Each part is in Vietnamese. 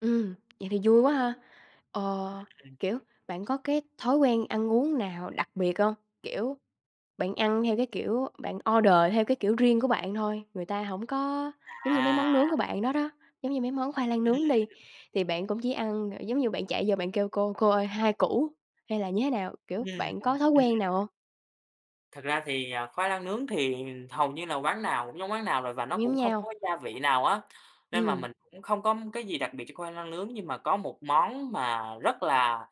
Ừm. Vậy thì vui quá ha. Ừ, Ờ, ừm. kiểu, bạn có cái thói quen ăn uống nào đặc biệt hông? Kiểu, bạn ăn theo cái kiểu, bạn order theo cái kiểu riêng của bạn thôi người ta hổng có, giống như mấy À! món nướng của bạn đó đó, giống như mấy món khoai lang nướng đi, Ừm. thì bạn cũng chỉ ăn, ờ, giống như bạn chạy vô bạn kêu: "Cô, cô ơi, 2 củ" hay là như thế nào, kiểu, Ừm bạn có hưm, thói ừm. quen nào hông? Thật ra thì, à, khoai lang nướng thì hầu như là quán nào cũng giống quán nào rồi và nó Cũng giống cũng không nhau. có gia vị nào á, nên mà Ừm. mình cũng không có cái gì đặc biệt cho khoai lang nướng. Nhưng mà có một món mà rất là,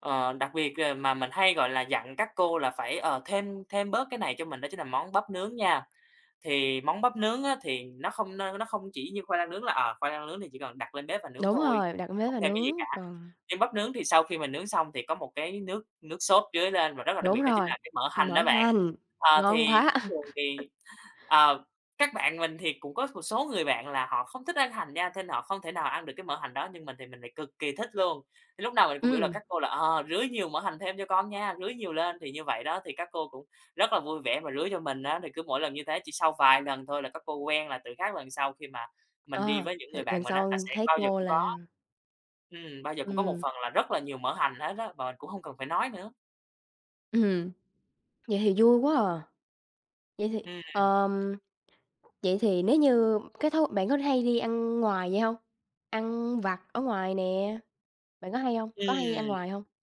ờ, đặc biệt, ờ, mà mình hay, gọi là, dặn các cô là phải, ờ, thêm thêm bớt cái này cho mình đó chính là món bắp nướng nha. Thì món bắp nướng á thì nó không nơ nó không chỉ như khoai lang nướng là, ờ, khoai lang nướng thì chỉ cần đặt lên bếp và nướng Đúng thôi rồi, đặt lên bếp không và thêm cái gì cả. nướng, còn Nhưng bắp nướng thì sau khi mình nướng xong thì có một cái nước nước sốt rưới lên và rất là đặc biệt Đúng đó chính rồi, là cái mỡ ừm, hành mỡ đó bạn. hành, Ờ, ngon thì quá. thông thường thì, ờ, các bạn mình thì cũng có một số người bạn là họ không thích ăn hành nha nên họ không thể nào ăn được cái mỡ hành đó, nhưng mình thì mình lại cực kì thích luôn, lúc nào mình cũng biểu là Ừm. các cô là, ờ, "rưới nhiều mỡ hành thêm cho con nha, rưới nhiều lên" thì như vậy đó thì các cô cũng rất là vui vẻ mà rưới cho mình á. Thì cứ mỗi lần như thế chỉ sau vài lần thôi là các cô quen là từ các lần sau khi mà mình đi Ờ, với những thì người bạn lần mình á là sau sẽ thấy bao giờ cô cũng có là ừm, bao giờ cũng có một Ừm. phần là rất là nhiều mỡ hành hết á, mà mình cũng hông cần phải nói nữa. Ừm hừm. Vậy thì vui quá à. Vậy thì, Ừm, ừm. ờm, vậy thì nếu như cái thói bạn có hay đi ăn ngoài vậy hông? Ăn vặt ở ngoài nè, bạn có hay hông, có hay ăn Ừm. ngoài hông?